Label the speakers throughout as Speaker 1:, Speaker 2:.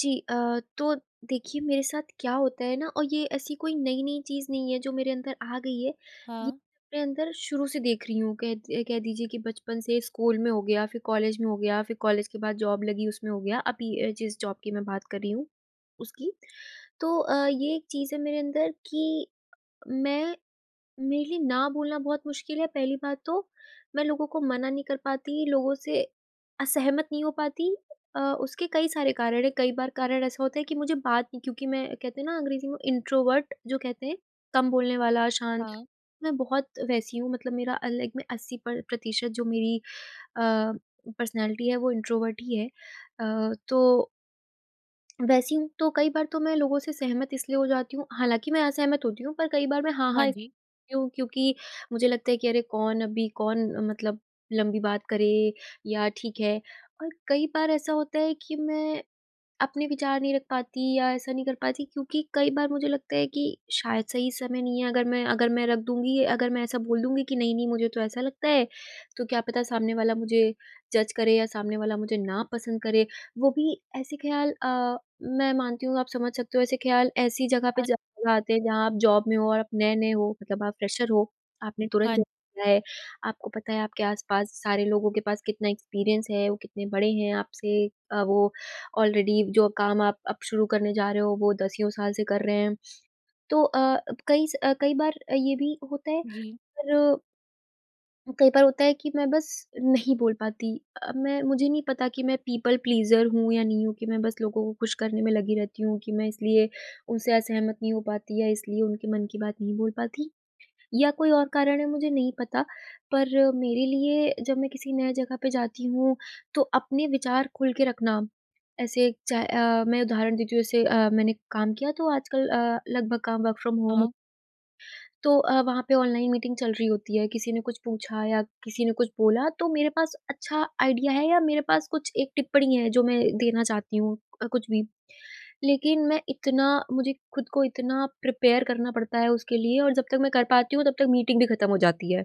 Speaker 1: जी अ, तो देखिए, मेरे साथ क्या होता है ना और ये ऐसी कोई नई-नई चीज़ नहीं है, जो मेरे अंदर आ गई है, ये
Speaker 2: हाँ।
Speaker 1: मैं अपने अंदर शुरू से देख रही हूँ। कह ये कह दीजिए कि बचपन से, स्कूल में हो गया, फिर कॉलेज में हो गया, फिर कॉलेज के बाद जॉब लगी, उसमें हो गया। अभी अ, जिस जॉब की मैं बात कर रही हूँ, उसकी। तो अ, ये एक चीज़ है मेरे अंदर कि मैं मेरे लिए ना बोलना बहुत मुश्किल है, पहली बात तो। मैं लोगों को मना नहीं कर पाती, लोगों से असहमत नहीं हो पाती। अ, उसके कई सारे कारण हैं। कई बार कारण ऐसा होता है कि मुझे बात नहीं क्योंकि मैं, कहते हैं ना, अंग्रेज़ी में, इंट्रोवर्ट जो कहते हैं, कम बोलने वाला, शांत,
Speaker 2: हाँ।
Speaker 1: मैं बहुत वैसी हूँ। मतलब मेरा अलग में 80 प्र प्रतिशत जो मेरी अ, पर्सनैलिटी है, वो इंट्रोवर्ट ही है अ, तो वैसी हूँ। तो कई बार तो मैं लोगों से सहमत इसलिए हो जाती हूँ हालाँकि मैं असहमत होती हूँ, पर कई बार मैं हाँ, हाँ,
Speaker 2: हाँ
Speaker 1: [unintelligible]
Speaker 2: जी।
Speaker 1: हूँ, क्योंकि मुझे लगता है कि अरे! कौन अभी कौन मतलब लंबी बात करे या ठीक है। पर कई बार ऐसा होता है कि मैं अपने विचार नहीं रख पाती, या ऐसा नहीं कर पाती, क्योंकि कई बार मुझे लगता है कि शायद, सही समय नहीं है। अगर मैं अगर मैं रख दूँगी, अगर मैं ऐसा बोल दूँगी कि, "'नहीं, नहीं, मुझे तो ऐसा लगता है।" तो क्या पता सामने वाला मुझे जज़ करे, या सामने वाला मुझे ना पसंद करे। वो भी ऐसे ख़्याल अ, मैं मानती हूँ, आप समझ सकते हो, ऐसे ख़्याल ऐसी जगह पे
Speaker 2: हाँ।
Speaker 1: ज़रूर आते हैं, जहाँ आप जॉब में हो और आप नए-नए हो। मतलब आप फ़्रेशर हो, आपने तुरंत
Speaker 2: हाँ। न
Speaker 1: जॉब किया है। आपको पता है, आपके आस-पास सारे लोगों के पास कितना एक्सपीरियंस है, वो कितने बड़े हैं आपसे। अ, वो ऑलरेडी, जो काम आप अब शुरू करने जा रहे हो, वो दसियों साल से कर रहे हैं। तो अ, कई स अ, कई बार अ, ये भी होता है,
Speaker 2: जी।
Speaker 1: पर कई बार होता है कि मैं बस नहीं बोल पाती अ, मैं मुझे नहीं पता कि मैं पीपल प्लीज़र हूँ या नहीं हूँ, कि मैं बस लोगों को ख़ुश करने में लगी रहती हूँ, कि मैं इसलिए उनसे असहमत नहीं हो पाती या इसलिए उनके मन की बात नहीं बोल पाती या कोई और कारण है मुझे नहीं पता। पर मेरे लिए जब मैं किसी नए जगह पे जाती हूँ तो अपने विचार खुल के रखना ऐसे चाह अ, मैं उदाहरण देती हूँ जैसे अ, मैंने काम किया तो आजकल अ, लगभग काम वर्क फ़्रॉम होम
Speaker 2: हाँ।
Speaker 1: तो अ, वहाँ पे ऑनलाइन मीटिंग चल रही होती है, किसी ने कुछ पूछा या किसी ने कुछ बोला तो मेरे पास अच्छा आइडिया है या मेरे पास कुछ एक टिप्पणी है जो मैं देना चाहती हूँ, कुछ भी। लेकिन मैं इतना मुझे खुद को इतना प्रिपेयर करना पड़ता है उसके लिए और जब तक मैं कर पाती हूँ तब तक मीटिंग भी ख़त्म हो जाती है।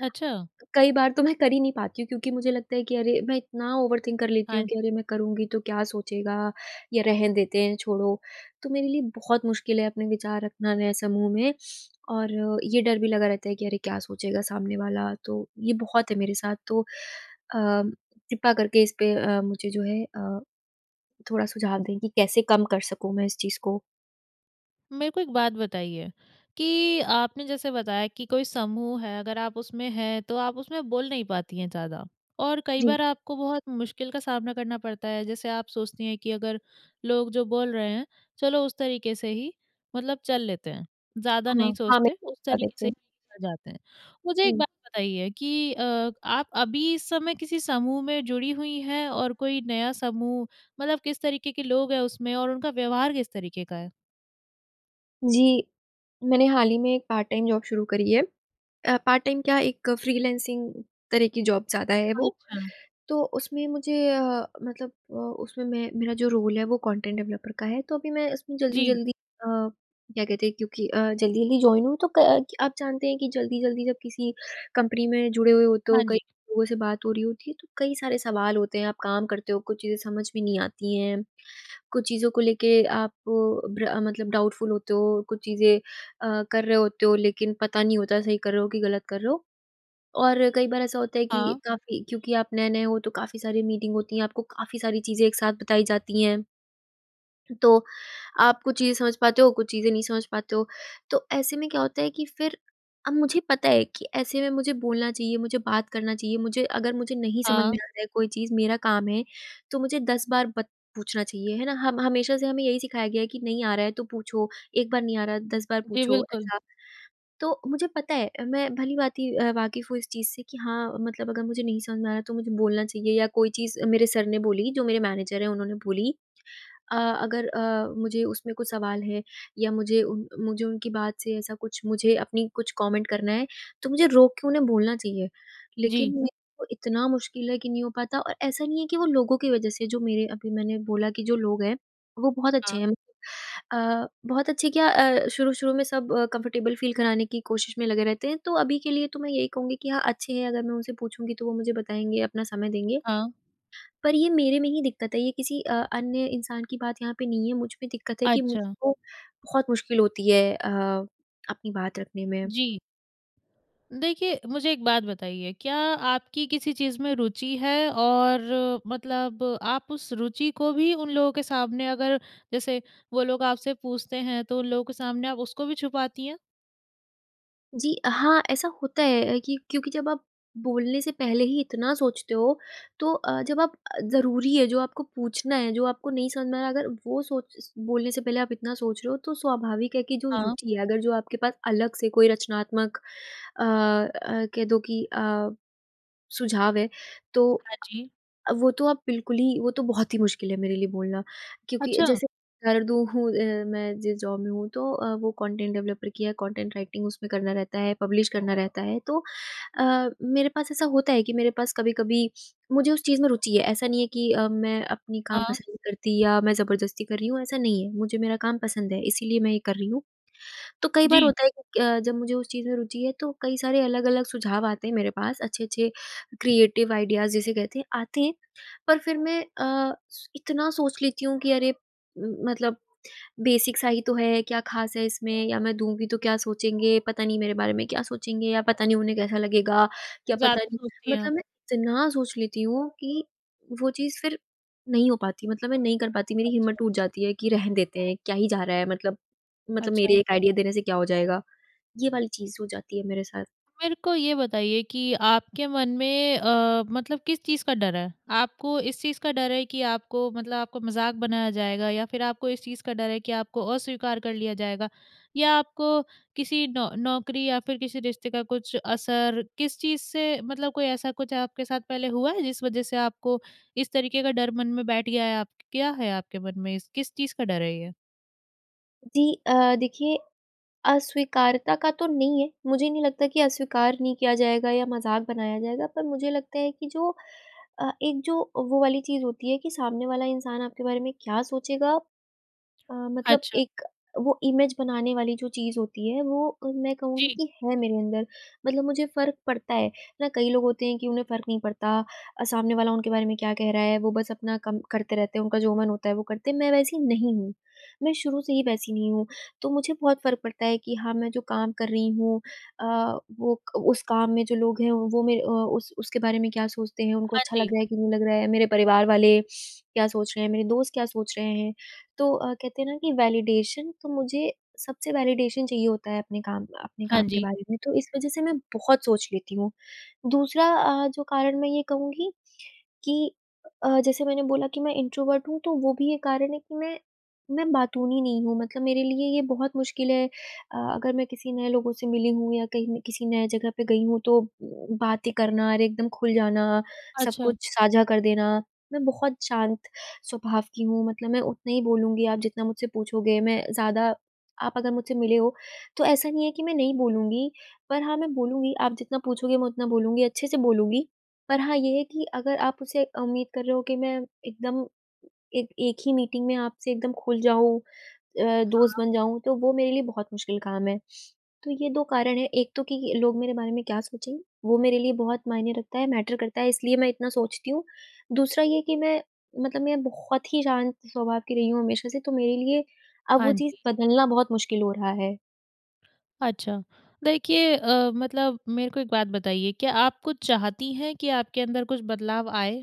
Speaker 2: अच्छा।
Speaker 1: कई बार तो मैं कर ही नहीं पाती हूँ क्योंकि मुझे लगता है कि अरे मैं इतना ओवरथिंक कर लेती
Speaker 2: हाँ
Speaker 1: हूँ
Speaker 2: जी।
Speaker 1: कि अरे! मैं करुँगी तो क्या सोचेगा या रहन देते हैं, छोड़ो। तो मेरे लिए बहुत मुश्किल है अपने विचार रखना नए समूह में। और ये डर भी लगा रहता है कि अरे! क्या सोचेगा सामने वाला, तो ये बहुत है मेरे साथ। तो अ, कृपा करके इस पे अ, मुझे जो है अ, थोड़ा सुझाव दें कि कैसे कम कर सकूँ मैं इस चीज़ को?
Speaker 2: मेरे को एक बात बताइए, कि आपने जैसे बताया कि कोई समूह है अगर आप उसमें हैं, तो आप उसमें बोल नहीं पाती हैं ज़्यादा और कई
Speaker 1: जी।
Speaker 2: बार आपको बहुत मुश्किल का सामना करना पड़ता है, जैसे आप सोचती हैं कि अगर लोग जो बोल रहे हैं, चलो उस तरीके से ही, मतलब चल लेते हैं ज़्यादा
Speaker 1: हाँ,
Speaker 2: नहीं
Speaker 1: हाँ मैं
Speaker 2: सोचते उस
Speaker 1: बता
Speaker 2: तरीके
Speaker 1: देती
Speaker 2: से ही
Speaker 1: हूँ।
Speaker 2: आ जाते हैं। मुझे एक
Speaker 1: हुँ।
Speaker 2: बात बताइए कि अ, आप अभी इस समय किसी समूह में जुड़ी हुई हैं? और कोई नया समूह मतलब किस तरीके के लोग हैं उसमें और उनका व्यवहार किस तरीके का है?
Speaker 1: जी, मैंने हाल ही में एक पार्ट-टाइम जॉब शुरू करी है। अ, पार्ट-टाइम क्या एक फ्रीलांसिंग तरह की जॉब ज़्यादा है वो।
Speaker 2: अच्छा।
Speaker 1: तो उसमें मुझे अ, मतलब अ, उसमें मैं मेरा जो रोल है वो कंटेंट डेवलपर का है, तो अभी मैं उसमें
Speaker 2: जी।
Speaker 1: जल्दी-जल्दी अ, क्या कहते हैं क्योंकि अ, जल्दी-जल्दी जॉइन हूँ तो क आप जानते हैं कि जल्दी-जल्दी जब किसी कंपनी में जुड़े हुए हो तो
Speaker 2: हाँ,
Speaker 1: कई
Speaker 2: जी।
Speaker 1: लोगों से बात हो रही होती है, तो कई सारे सवाल होते हैं, आप काम करते हो, कुछ चीज़ें समझ में नहीं आती है। कुछ चीज़ों को लेके आप भ्र मतलब डाउटफूल होते हो, कुछ चीज़ें अ, कर रहे होते हो, लेकिन पता नहीं होता सही कर रहे हो कि गलत कर रहे हो और कई बार ऐसा होता है कि
Speaker 2: हाँ।
Speaker 1: काफ़ी क्योंकि आप नए नए हो तो काफ़ी सारी मीटिंग होती हैं, आपको काफ़ी सारी चीज़ें एक साथ बताई जाती हैं। तो आप कुछ चीजें समझ पाते हो, कुछ चीजें नहीं समझ पाते हो। तो ऐसे में क्या होता है कि फिर अब मुझे पता है कि ऐसे में मुझे बोलना चाहिए, मुझे बात करना चाहिए, मुझे अगर मुझे नहीं समझ में
Speaker 2: हाँ।
Speaker 1: आता है कोई चीज़ मेरा काम है, तो मुझे 10 बार बत पूछना चाहिए है ना? हम हमेशा से हमें यही सिखाया गया है कि नहीं आ रहा है, तो पूछो एक बार नहीं आ रहा 10 बार
Speaker 2: जी,
Speaker 1: पूछो
Speaker 2: बिल्कुल।
Speaker 1: ऐसा। तो मुझे पता है मैं भली-भाँति अ, वाक़िफ़ हूँ इस चीज से कि हाँ, मतलब अगर मुझे नहीं समझ में आ रहा, तो मुझे बोलना चाहिए या कोई चीज़ मेरे सर ने बोली जो मेरे मैनेजर हैं उन्होंने बोली अ, अगर अ, मुझे उसमें कुछ सवाल है या मुझे उन मुझे उनकी बात से ऐसा कुछ मुझे अपनी कुछ कमेंट करना है तो मुझे रोक के उन्हें बोलना चाहिए।
Speaker 2: जी।
Speaker 1: लेकिन मेरे वो इतना मुश्किल है कि नहीं हो पाता और ऐसा नहीं है कि वो लोगों की वजह से जो मेरे अभी मैंने बोला कि जो लोग हैं, वो बहुत अच्छे
Speaker 2: हाँ।
Speaker 1: हैं अ, बहुत अच्छे क्या अ, शुरू-शुरू में सब कम्फर्टेबल फ़ील कराने की कोशिश में लगे रहते हैं, तो अभी के लिए तो मैं यही कहूँगी कि हाँ अच्छे हैं, अगर मैं उनसे पूछूँगी तो वो मुझे बताएँगे, अपना समय देंगे।
Speaker 2: हाँ।
Speaker 1: पर ये मेरे में ही दिक्कत है ये किसी अ, अन्य इंसान की बात यहाँ पे नहीं है, मुझ में दिक्कत है कि
Speaker 2: अच्छा।
Speaker 1: मुझको बहुत मुश्किल होती है अ, अपनी बात रखने में।
Speaker 2: जी। देखिए मुझे एक बात बताइए क्या आपकी किसी चीज़ में रुचि है? और मतलब आप उस रुचि को भी उन लोगों के सामने अगर जैसे वो लोग आपसे पूछते हैं, तो उन लोगों के सामने आप उसको भी छुपाती हैं?
Speaker 1: जी, अ, हाँ ऐसा होता है कि क्योंकि जब आप बोलने से पहले ही इतना सोचते हो तो अ, जब आप ज़रूरी है जो, आपको पूछना है जो, आपको नहीं समझ में आ रहा है अगर वो सोच बोलने से पहले आप इतना सोच रहे हो, तो स्वाभाविक है कि जो
Speaker 2: हाँ।
Speaker 1: रुचि है अगर जो आपके पास अलग से कोई रचनात्मक अ अ, कह दो कि अ, सुझाव है तो
Speaker 2: हाँ
Speaker 1: अ,
Speaker 2: जी।
Speaker 1: अब वो तो अब बिल्कुल ही वो तो बहुत ही मुश्किल है मेरे लिए बोलना। क्योंकि
Speaker 2: अच्छा।
Speaker 1: जैसे हूँ अ, मैं जिस जॉब में हूँ तो अ, वो कॉन्टेन्ट डेवलपर की है, कॉन्टेन्ट राइटिंग उसमें करना रहता है, पब्लिश करना रहता है। तो अ, मेरे पास ऐसा होता है कि मेरे पास कभी-कभी मुझे उस चीज़ में रुचि है ऐसा नहीं है कि अ, मैं अपनी काम
Speaker 2: हाँ।
Speaker 1: पसंद नहीं करती या मैं ज़बरदस्ती कर रही हूँ, ऐसा नहीं है। मुझे मेरा काम पसंद है इसीलिए मैं ये कर रही हूँ। तो कई बार
Speaker 2: जी।
Speaker 1: होता है कि अ, जब मुझे उस चीज़ में रूचि है तो कई सारे अलग-अलग सुझाव आते हैं मेरे पास। अच्छे-अच्छे क्रिएटिव आइडियाज़ जिसे कहते हैं आते हैं। पर फिर मैं अ, इतना सोच लेती हूँ कि अरे! मतलब बेसिक सा ही तो है, क्या ख़ास है इसमें या मैं दूँगी तो क्या सोचेंगे। पता नहीं मेरे बारे में क्या सोचेंगे? या पता नहीं उन्हें कैसा लगेगा? क्या पता
Speaker 2: ज़्यादा
Speaker 1: नहीं
Speaker 2: सोचती हैं आप।
Speaker 1: मतलब मैं इतना सोच लेती हूँ कि वो चीज़ फिर नहीं हो पाती, मतलब मैं नहीं कर पाती। मेरी हिम्मत
Speaker 2: अच्छा।
Speaker 1: टूट जाती है कि रहने देते हैं क्या ही जा रहा है। मतलब मतलब
Speaker 2: अच्छा।
Speaker 1: मेरे एक आइडिया देने से क्या हो जाएगा? ये वाली चीज़ हो जाती है मेरे साथ।
Speaker 2: मेरे को ये बताइए कि आपके मन में अ, मतलब किस चीज़ का डर है? आपको इस चीज़ का डर है कि आपको मतलब आपको मज़ाक बनाया जाएगा या फिर आपको इस चीज़ का डर है कि आपको अस्वीकार कर लिया जाएगा या आपको किसी नौक नौकरी या फिर किसी रिश्ते का कुछ असर किस चीज़ से मतलब कोई ऐसा कुछ आपके साथ पहले हुआ है जिस वज़ह से आपको इस तरीके का डर मन में बैठ गया है आपक आप क्या है आपके मन में? किस चीज़ का डर है ये?
Speaker 1: जी अ, देखिए, अस्वीकारता का तो नहीं है, मुझे नहीं लगता कि अस्वीकार नहीं किया जाएगा या मज़ाक बनाया जाएगा, पर मुझे लगता है कि जो अ, एक जो वो वाली चीज़ होती है कि सामने वाला इंसान आपके बारे में क्या सोचेगा? अ, मतलब
Speaker 2: अच्छा।
Speaker 1: एक वो इमेज़ बनाने वाली जो चीज़ होती है वो मैं कहूँगी
Speaker 2: जी।
Speaker 1: कि है मेरे अंदर। मतलब मुझे फ़र्क पड़ता है, ना कई लोग होते हैं कि उन्हें फ़र्क नहीं पड़ता अ, सामने वाला उनके बारे में क्या कह रहा है, वो बस अपना कम करते रहते हैं, उनका जो मन होता है वो करते हैं, मैं वैसी नहीं हूँ। मैं शुरू से ही वैसी नहीं हूँ, तो मुझे बहुत फ़र्क पड़ता है कि हाँ, मैं जो काम कर रही हूँ अ, वो क उस काम में जो लोग हैं वो मेरे अ, उस उसके बारे में क्या सोचते हैं, उनको
Speaker 2: हाँ
Speaker 1: अच्छा लग
Speaker 2: जी।
Speaker 1: रहा है कि नहीं लग रहा है, मेरे परिवार वाले क्या सोच रहे हैं, मेरे दोस्त क्या सोच रहे हैं। तो अ, कहते हैं ना कि वैलिडेशन तो मुझे सबसे वैलिडेशन चाहिए होता है अपने काम का अपने
Speaker 2: हाँ
Speaker 1: काम के
Speaker 2: जी।
Speaker 1: बारे में। तो इस वज़ह से मैं बहुत सोच लेती हूँ। दूसरा अ, जो कारण मैं ये कहूँगी कि अ, जैसे मैंने बोला कि मैं इंट्रोवर्ट हूँ, तो वो भी एक कारण है कि मैं मैं बातूनी नहीं हूँ, मतलब मेरे लिए ये बहुत मुश्किल है अ, अगर मैं किसी नए लोगों से मिली हूँ या कहीं मैं किसी नए जगह पे गई हूँ तो बातें करना और एकदम खुल जाना, सब
Speaker 2: अच्छा।
Speaker 1: कुछ साझा कर देना, मैं बहुत शांत स्वभाव की हूँ। मतलब मैं उतना ही बोलूँगी आप जितना मुझसे पूछोगे, मैं ज़्यादा आप अगर मुझसे मिले हो, तो ऐसा नहीं है कि मैं नहीं बोलूँगी, पर हाँ मैं बोलूँगी, आप जितना पूछोगे मैं उतना बोलूँगी, अच्छे से बोलूँगी। पर हाँ ये है कि अगर आप उसे उम्मीद कर रहे हो कि मैं एकदम एक एक ही मीटिंग में आपसे एकदम खुल जाऊँ अ, दोस्त
Speaker 2: हाँ।
Speaker 1: बन जाऊँ, तो वो मेरे लिए बहुत मुश्किल काम है। तो ये 2 कारण हैं, एक तो कि लोग मेरे बारे में क्या सोचेंगे, वो मेरे लिए बहुत मायने रखता है, मैटर करता है इसलिए मैं इतना सोचती हूँ। दूसरा ये कि मैं मतलब मैं बहुत ही शांत स्वभाव की रही हूँ हमेशा से तो मेरे लिए अब वो
Speaker 2: हाँ
Speaker 1: चीज़
Speaker 2: जी।
Speaker 1: बदलना बहुत मुश्किल हो रहा है।
Speaker 2: अच्छा। देखिए अ, मतलब मेरे को एक बात बताइए? क्या आप कुछ चाहती हैं कि आपके अंदर कुछ बदलाव आए?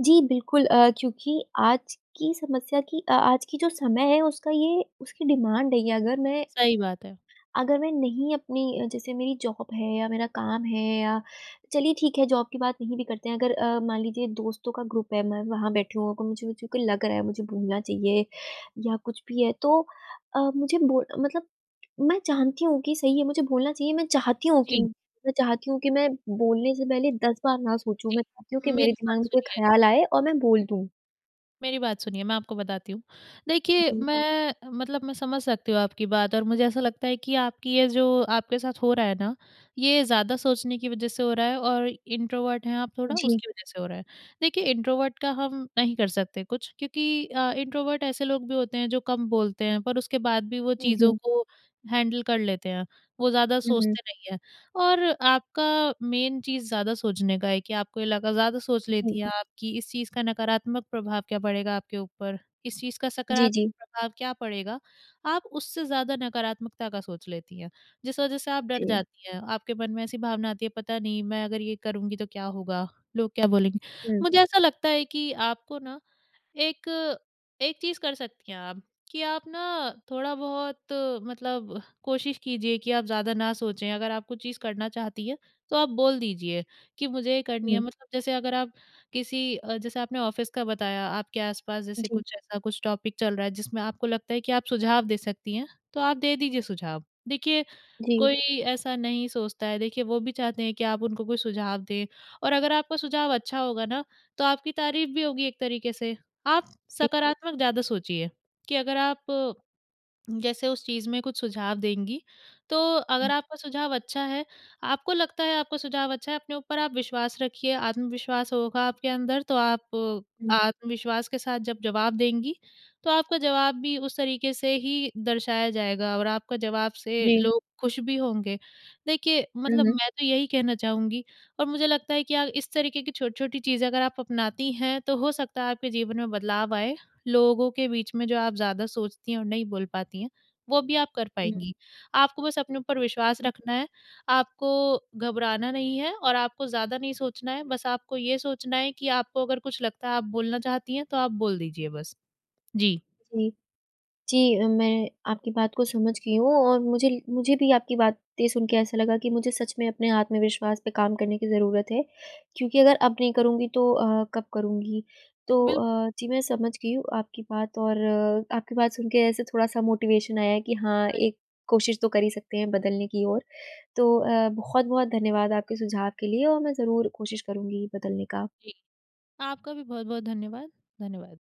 Speaker 1: जी, बिल्कुल अ, क्योंकि आज की समस्या की अ, आज की जो समय है उसका ये उसकी डिमांड है ये अगर मैं
Speaker 2: सही बात है।
Speaker 1: अगर मैं नहीं अपनी जैसे मेरी जॉब है या मेरा काम है या चलिए ठीक है जॉब की बात नहीं भी करते हैं। अगर अ, मान लीजिए दोस्तों का ग्रुप है, मैं वहाँ बैठी हूँ तो मुझे लग रहा है, मुझे बोलना चाहिए या कुछ भी है। तो अ, मुझे बो मतलब मैं जानती हूँ कि सही है मुझे बोलना चाहिए, मैं चाहती हूँ कि
Speaker 2: जी।
Speaker 1: मैं चाहती हूँ कि मैं बोलने से पहले 10 बार ना सोचूँ।
Speaker 2: जी,
Speaker 1: मैं चाहती हूँ कि मेरे
Speaker 2: मेरी
Speaker 1: दिमाग
Speaker 2: बात
Speaker 1: में कोई
Speaker 2: सुनिए
Speaker 1: ख़्याल आए और मैं बोल दूँ।
Speaker 2: मेरी बात सुनिए, मैं आपको बताती हूँ। देखिए
Speaker 1: जी।
Speaker 2: मैं मतलब मैं समझ सकती हूँ आपकी बात और मुझे ऐसा लगता है कि आपकी ये जो आपके साथ हो रहा है ना, ये ज़्यादा सोचने की वज़ह से हो रहा है और इंट्रोवर्ट हैं आप थोड़ा
Speaker 1: जी।
Speaker 2: उसकी वज़ह से हो रहा है। देखिए इंट्रोवर्ट का हम नहीं कर सकते कुछ क्योंकि अ, इंट्रोवर्ट ऐसे लोग भी होते हैं जो कम बोलते हैं पर उसके बाद भी वो
Speaker 1: उ,
Speaker 2: चीज़ों
Speaker 1: जी।
Speaker 2: को हैंडल कर लेते हैं। वो ज़्यादा
Speaker 1: हुँ, हुँ।
Speaker 2: सोचते नहीं हैं और आपका मेन चीज़ ज़्यादा सोचने का है कि आपको ये लगा ज़्यादा सोच
Speaker 1: जी।
Speaker 2: लेती हैं आप कि इस चीज़ का नकारात्मक प्रभाव क्या पड़ेगा आपके ऊपर। इस चीज़ का
Speaker 1: जी,
Speaker 2: सकारात्मक
Speaker 1: जी।
Speaker 2: प्रभाव क्या पड़ेगा, आप उससे ज़्यादा नकारात्मकता का सोच लेती हैं। जिस वज़ह से आप डर
Speaker 1: जी।
Speaker 2: जाती हैं, आपके मन में ऐसी भावना आती है पता नहीं मैं अगर ये करूँगी तो क्या होगा, लोग क्या बोलेंगे?
Speaker 1: हुँ।
Speaker 2: मुझे ऐसा लगता है कि आपको ना एक एक चीज़ कर सकती हैं आप कि आप ना थोड़ा-बहुत मतलब कोशिश कीजिये कि आप ज़्यादा ना सोचें। अगर आप कुछ चीज़ करना चाहती हैं तो आप बोल दीजिये कि मुझे ये करनी है।
Speaker 1: हुँ।
Speaker 2: मतलब जैसे अगर आप किसी जैसे आपने ऑफ़िस का बताया आपके आसपास जैसे
Speaker 1: जी।
Speaker 2: कुछ ऐसा कुछ टॉपिक चल रहा है जिसमें आपको लगता है कि आप सुझाव दे सकती हैं, तो आप दे दीजिए सुझाव। देखिए,
Speaker 1: जी।
Speaker 2: कोई ऐसा नहीं सोचता है देखिए वो भी चाहते हैं कि आप उनको कोई सुझाव दें और अगर आपका सुझाव अच्छा होगा ना तो आपकी तारीफ़ भी होगी एक तरीक़े से। आप
Speaker 1: ए
Speaker 2: सकारात्मक ज़्यादा सोचिए कि अगर आप जैसे उस चीज़ में कुछ सुझाव देंगी, तो
Speaker 1: हुँ।
Speaker 2: अगर आपका सुझाव अच्छा है, आपको लगता है आपका सुझाव अच्छा है, अपने ऊपर आप विश्वास रखिए। आत्मविश्वास होगा आपके अंदर तो आप
Speaker 1: हुँ।
Speaker 2: आत्मविश्वास के साथ जब जवाब देंगी तो आपका जवाब भी उस तरीक़े से ही दर्शाया जाएगा और आपका जवाब से
Speaker 1: जी।
Speaker 2: लोग ख़ुश भी होंगे। देखिए,
Speaker 1: हुँ,
Speaker 2: मतलब
Speaker 1: हुँ।
Speaker 2: मैं तो यही कहना चाहूँगी और मुझे लगता है कि आप इस तरीक़े की छोटी-छोटी चीज़ें अगर आप अपनाती हैं, तो हो सकता है आपके जीवन में बदलाव आए। लोगों के बीच में जो आप ज़्यादा सोचती हैं और नहीं बोल पाती हैं वो भी आप कर
Speaker 1: हुँ।
Speaker 2: पाएँगी। आपको बस अपने ऊपर विश्वास
Speaker 1: हुँ।
Speaker 2: रखना है, आपको घबराना नहीं है और आपको ज़्यादा नहीं सोचना है। बस आपको ये सोचना है कि आपको अगर कुछ लगता है आप बोलना चाहती हैं, तो आप बोल दीजिए बस। जी।
Speaker 1: जी। जी, मैं आपकी बात को समझ गई हूँ। और मुझे मुझे भी आपकी बातें सुन के ऐसा लगा कि मुझे सच में अपने आत्मविश्वास पे काम करने की ज़रूरत है। क्योंकि अगर अब नहीं करूँगी तो अ, कब करूँगी। तो
Speaker 2: बिल्कुल।
Speaker 1: अ, जी मैं समझ गई हूँ आपकी बात और अ, आपकी बात सुन के ऐसे थोड़ा-सा मोटिवेशन आया है कि हाँ,
Speaker 2: म
Speaker 1: एक कोशिश तो कर ही सकते हैं बदलने की ओर। तो अ, बहुत-बहुत धन्यवाद आपके सुझाव के लिए और मैं ज़रूर कोशिश करूँगी बदलने का।
Speaker 2: जी, आपका भी बहुत-बहुत धन्यवाद। धन्यवाद।